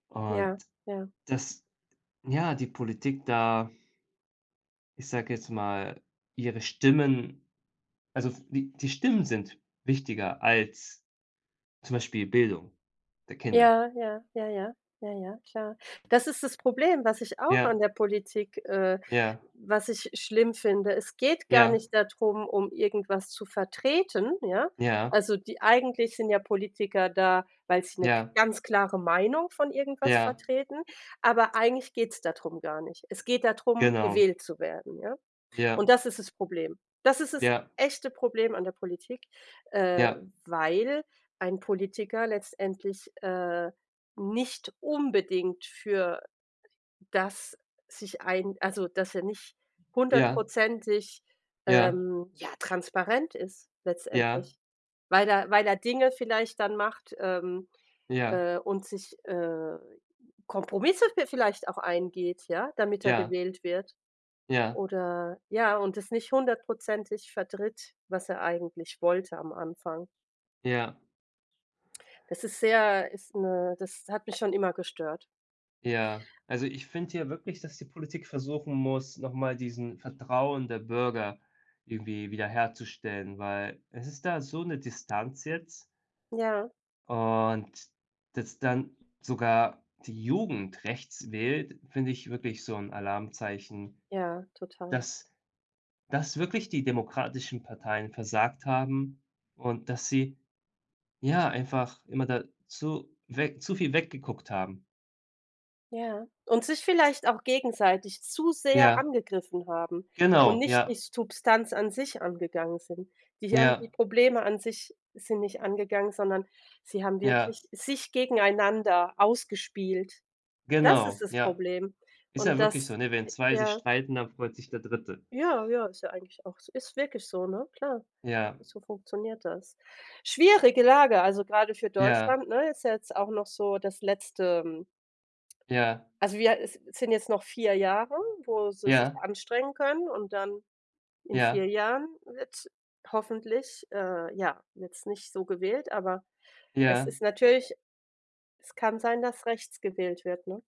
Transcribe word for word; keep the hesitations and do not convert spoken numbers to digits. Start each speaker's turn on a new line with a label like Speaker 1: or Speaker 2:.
Speaker 1: Ja,
Speaker 2: Und
Speaker 1: ja.
Speaker 2: dass ja, die Politik da ich sage jetzt mal ihre Stimmen also, die die Stimmen sind wichtiger als zum Beispiel Bildung der Kinder.
Speaker 1: Ja, ja, ja, ja, ja, klar. Das ist das Problem, was ich auch an
Speaker 2: Ja.
Speaker 1: der Politik äh,
Speaker 2: Ja.
Speaker 1: was ich schlimm finde. Es geht gar
Speaker 2: Ja.
Speaker 1: nicht darum, um irgendwas zu vertreten, ja?
Speaker 2: Ja.
Speaker 1: Also die eigentlich sind ja Politiker da, weil sie 'ne k
Speaker 2: Ja.
Speaker 1: ganz klare Meinung von irgendwas
Speaker 2: Ja.
Speaker 1: vertreten, aber eigentlich geht's da drum gar nicht. Es geht da drum,
Speaker 2: Genau.
Speaker 1: gewählt zu werden, ja?
Speaker 2: Ja.
Speaker 1: Und das ist das Problem. Das ist das
Speaker 2: Ja.
Speaker 1: echte Problem an der Politik, äh,
Speaker 2: Ja.
Speaker 1: weil ein Politiker letztendlich, äh, nicht unbedingt für das sich ein also dass er nicht
Speaker 2: Ja.
Speaker 1: hundertprozentig,
Speaker 2: Ja.
Speaker 1: ähm, ja, transparent ist
Speaker 2: Ja.
Speaker 1: letztendlich, weil da weil da Dinge vielleicht dann macht ähm,
Speaker 2: Ja.
Speaker 1: äh, und sich, äh, Kompromisse vi vielleicht auch eingeht, ja, damit er
Speaker 2: Ja.
Speaker 1: gewählt wird.
Speaker 2: Ja.
Speaker 1: Oder, ja, und das nicht hundertprozentig vertritt, was er eigentlich wollte am Anfang.
Speaker 2: Ja.
Speaker 1: Es ist sehr ist 'ne das hat mich schon immer gestört.
Speaker 2: Ja. Also ich finde hier wirklich, dass die Politik versuchen muss, noch mal diesen Vertrauen der Bürger irgendwie wiederherzustellen, weil es ist da so 'ne Distanz jetzt
Speaker 1: Ja.
Speaker 2: Und dass dann sogar die Jugend rechts wählt, finde ich wirklich so 'n Alarmzeichen
Speaker 1: Ja, total.
Speaker 2: dass dass wirklich die demokratischen Parteien versagt haben und dass sie, ja, einfach immer dazu weg zu viel weggeguckt haben.
Speaker 1: Ja. Und sich vielleicht auch gegenseitig zu sehr
Speaker 2: Ja.
Speaker 1: angegriffen haben und
Speaker 2: Genau,
Speaker 1: nicht
Speaker 2: ja.
Speaker 1: die Substanz an sich angegangen sind. Die haben die
Speaker 2: Ja.
Speaker 1: Probleme an sich sind nicht angegangen, sondern sie haben
Speaker 2: Ja.
Speaker 1: wirklich sich gegeneinander ausgespielt. Das ist
Speaker 2: Genau.
Speaker 1: das
Speaker 2: Ja.
Speaker 1: Problem
Speaker 2: Ist ja
Speaker 1: und
Speaker 2: wirklich
Speaker 1: das,
Speaker 2: so, ne? Wenn
Speaker 1: e
Speaker 2: zwei sich
Speaker 1: ja.
Speaker 2: streiten, dann freut sich der dritte
Speaker 1: Ja, ja, ist ja eigentlich auch ist wirklich so, ne, klar,
Speaker 2: Ja.
Speaker 1: so funktioniert das. Schwierige Lage, also gerade für
Speaker 2: Ja.
Speaker 1: Deutschland, ne, ist ja jetzt auch noch so das letzte
Speaker 2: Ja.
Speaker 1: Also wir äh, sind jetzt noch vier Jahre, wo sie sich
Speaker 2: Ja.
Speaker 1: anstrengen können und dann in
Speaker 2: Ja.
Speaker 1: vier Jahren wird's hoffentlich, äh, ja, jetzt nicht so gewählt, aber es
Speaker 2: Ja.
Speaker 1: ist natürlich es kann sein, dass rechts gewählt wird, ne?